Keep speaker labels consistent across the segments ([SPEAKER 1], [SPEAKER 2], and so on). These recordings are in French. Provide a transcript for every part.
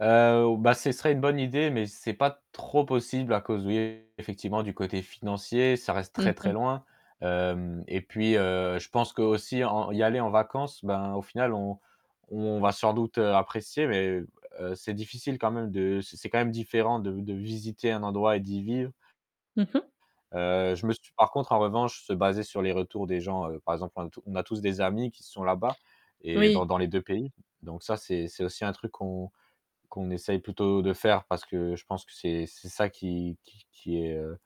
[SPEAKER 1] Heu, bah, ce serait une bonne idée, mais c'est pas trop possible à cause, oui, effectivement du côté financier, ça reste
[SPEAKER 2] Mmh
[SPEAKER 1] très très
[SPEAKER 2] mh.
[SPEAKER 1] loin. Hem et puis, heu, je pense qu'aussi en y aller en vacances, ben, au final on on va sans doute apprécier mais heu, c'est difficile quand même de c c'est quand même différent de de visiter un endroit et d'y vivre
[SPEAKER 2] Mmh mh.
[SPEAKER 1] heu, je me suis par contre, en revanche se baser sur les retours des gens, heu, par exemple, un tout on a tous des amis qui sont là-bas et dans
[SPEAKER 2] Oui.
[SPEAKER 1] dans les 2 pays, donc ça c'est c'est aussi un truc qu'on qu'on essaie plutôt de faire, parce que je pense que c'est c'est ça qui qui qui est, heu,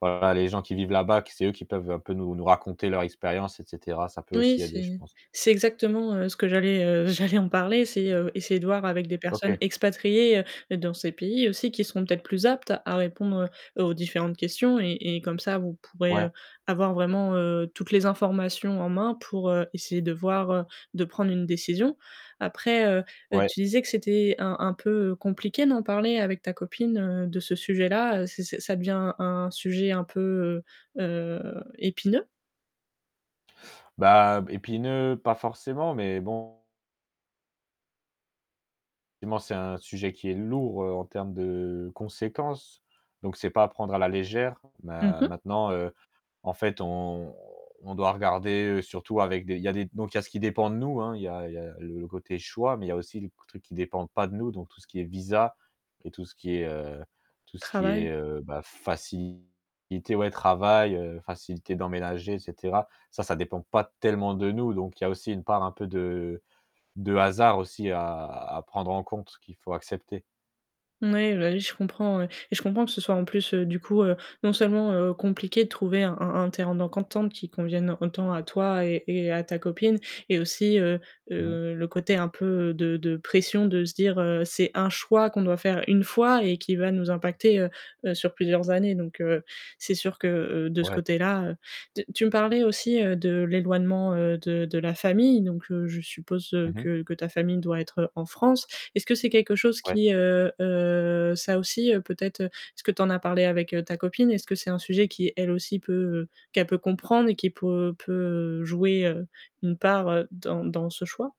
[SPEAKER 1] voilà les gens qui vivent là-bas, que c'est eux qui peuvent un peu nous nous raconter leur expérience et cetera, ça peut
[SPEAKER 2] Oui,
[SPEAKER 1] aussi aider, je
[SPEAKER 2] c'est
[SPEAKER 1] pense.
[SPEAKER 2] c'est exactement, heu, ce que j'allais, heu, j'allais en parler, c'est, heu, essayer de voir avec des
[SPEAKER 1] OK.
[SPEAKER 2] personnes expatriées dans ces pays aussi qui seront peut-être plus aptes, à répondre aux différentes questions et et comme ça vous pourrez,
[SPEAKER 1] Ouais.
[SPEAKER 2] heu, avoir vraiment, heu, toutes les informations en main pour, heu, essayer de voir, heu, de prendre une décision. Après, heu,
[SPEAKER 1] Ouais.
[SPEAKER 2] tu disais que c'était un un peu compliqué d'en parler avec ta copine, heu, de ce sujet-là, c'est c'est ça devient un sujet un peu, heu heu, épineux?
[SPEAKER 1] Bah, b épineux pas forcément, mais bon effectivement, c'est un sujet qui est lourd en termes de conséquences, donc c'est pas apprendre à la légère,
[SPEAKER 2] Mmh
[SPEAKER 1] ma
[SPEAKER 2] mh.
[SPEAKER 1] maintenant, heu, en fait, on on doit regarder surtout avec des il y a des donc il y a ce qui dépend de nous, hein. Il y a il y a le côté choix, mais il y a aussi le q truc qui ne dépendent pas de nous, donc tout ce qui est visa et tout ce qui est heu, tout ce qui
[SPEAKER 2] Travail.
[SPEAKER 1] est, heu, bah, facilité, ouais travail, heu, facilité d'emménager et cetera. Ça ça dépend pas tellement de nous, donc il y a aussi une part un peu de de hasard aussi, à à prendre en compte ce qu'il faut accepter.
[SPEAKER 2] N oui, bah oui, je comprends. Heu et je comprends que ce soit en plus, heu, du coup, heu, non seulement, heu, compliqué de trouver un un un terrain d'entente qui convienne autant à toi et et à ta copine et aussi, heu
[SPEAKER 1] Mmh mh.
[SPEAKER 2] heu, le côté un peu de de pression de se dire: «Heu, c'est 1 choix qu'on doit faire 1 fois et qui va nous impacter, heu, sur plusieurs années». Donc heu, c'est sûr que, heu heu, de ce
[SPEAKER 1] Ouais.
[SPEAKER 2] côté-là heu, tu tu me parlais aussi, heu, de l'éloignement, heu, de de la famille donc heu, je suppose
[SPEAKER 1] Mmh mh.
[SPEAKER 2] que que ta famille doit être en France. Est-ce que c'est quelque chose
[SPEAKER 1] Ouais.
[SPEAKER 2] qui, heu heu, ça aussi, heu, peut-être est-ce que tu en as parlé avec ta copine? Est-ce que c'est un sujet qui, elle aussi peut qu'elle peut comprendre et qui pour heu, peut jouer, heu, une part dans dans ce choix?